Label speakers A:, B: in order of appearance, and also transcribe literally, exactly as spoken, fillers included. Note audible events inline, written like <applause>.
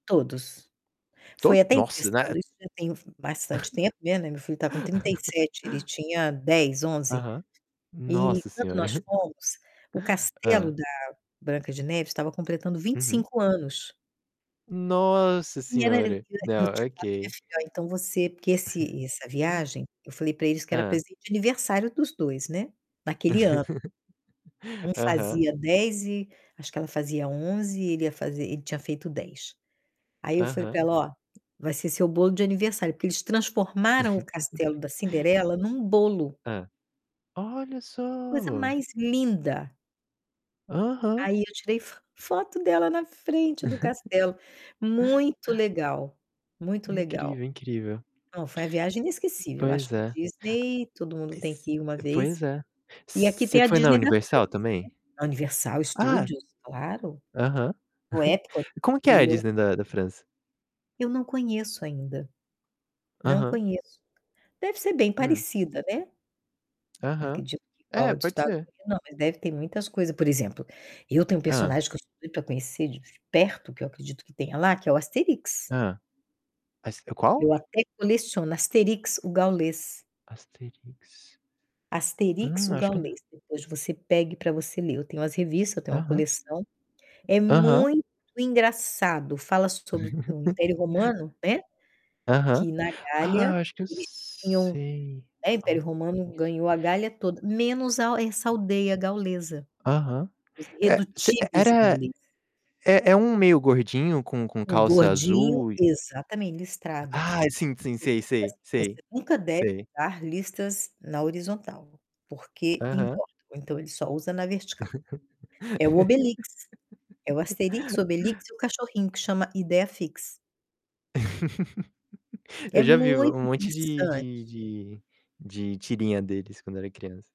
A: Todos.
B: To
A: Foi até
B: nossa, né.
A: interessante, isso já tem f bastante tempo, né. Meu filho tá com trinta e
B: <laughs>
A: sete, ele tinha dez, onze.
B: Aham.
A: E
B: Nossa
A: quando
B: Senhora.
A: nós
B: <chuckles>
A: fomos, o castelo
B: Hã.
A: da Branca de Neve estava completando vinte
B: Uhum.
A: cinco anos.
B: Nossa
A: E era
B: Senhora!
A: eu
B: Não,
A: tinha falado para minha
B: ok.
A: filha: "Ó, então você" porque
B: <chuckles>
A: esse essa viagem, eu falei para eles que era
B: Hã.
A: presente de aniversário dos dois, né, naquele ano.
B: <laughs>
A: Um
B: Aham.
A: fazia dez e acho que ela fazia onze e ele ia fazer ele tinha feito dez. Aí eu falei para
B: Aham.
A: ela: "Ó, vai ser seu bolo de aniversário", porque eles transformaram o castelo
B: <laughs>
A: da Cinderela num bolo.
B: Hã. Olha
A: Coisa
B: só.
A: mais linda!
B: Aham.
A: Aí eu tirei fo foto dela na frente do
B: <chuckles>
A: castelo. Muito legal, muito legal.
B: Incrível, incrível.
A: Não, foi a viagem inesquecível. Acho
B: Pois
A: que
B: é.
A: Disney todo mundo tem que ir uma
B: Pois
A: vez.
B: é.
A: E aqui
B: Você
A: tem a
B: foi na
A: Disney da França, né.
B: Universal também?
A: A Universal
B: Ah,
A: Studios, claro.
B: aham.
A: O
B: <chuckles>
A: Epcot
B: Como que é a
A: <unintelligible>
B: Disney da da França?
A: Eu não conheço ainda, não
B: Aham.
A: conheço. Deve ser bem
B: Hum.
A: parecida, né.
B: Aham.
A: Acredito que igual
B: É,
A: a dos
B: pode
A: Estados
B: ser.
A: Unidos, não, mas deve ter muitas coisas. Por exemplo, eu tenho um
B: Hã.
A: personagem que eu sempre quis conhecer de perto, que eu acredito que tenha lá, que é o Asterix.
B: Hã. Mas é qual?
A: Eu até coleciono Asterix, o Gaulês.
B: Asterix.
A: Asterix,
B: Hum,
A: o
B: acho que n
A: Gaulês. Depois você pegue para você ler. Eu tenho as revistas, eu tenho uma
B: Aham.
A: coleção. É
B: Aham.
A: muito engraçado. Fala sobre o Império
B: <chuckles>
A: Romano, né,
B: Aham.
A: que na Gália
B: Ah, acho que eu
A: eles tinham,
B: sei.
A: né, o
B: Ó,
A: Império Romano
B: isso.
A: ganhou a Gália toda, menos a essa aldeia gaulesa.
B: Aham.
A: Os
B: É você e
A: Irredutíveis
B: era
A: Gauleses.
B: é é um meio gordinho com com
A: O
B: calça
A: gordinho,
B: azul e
A: exatamente, listrada. Ele
B: Ah, sim, sim. Sei,
A: diz assim:
B: sei.
A: "Você
B: Sei.
A: nunca deve
B: Sei.
A: usar listas na horizontal, porque
B: Aham.
A: engorda". Então ele só usa na vertical. É o Obelix. É o
B: <laughs>
A: Asterix, o Obelix e o cachorrinho, que chama Ideiafix.
B: <laughs> Eu
A: É
B: já vi
A: muito
B: um monte de
A: interessante.
B: de de de tirinha deles quando eu era criança.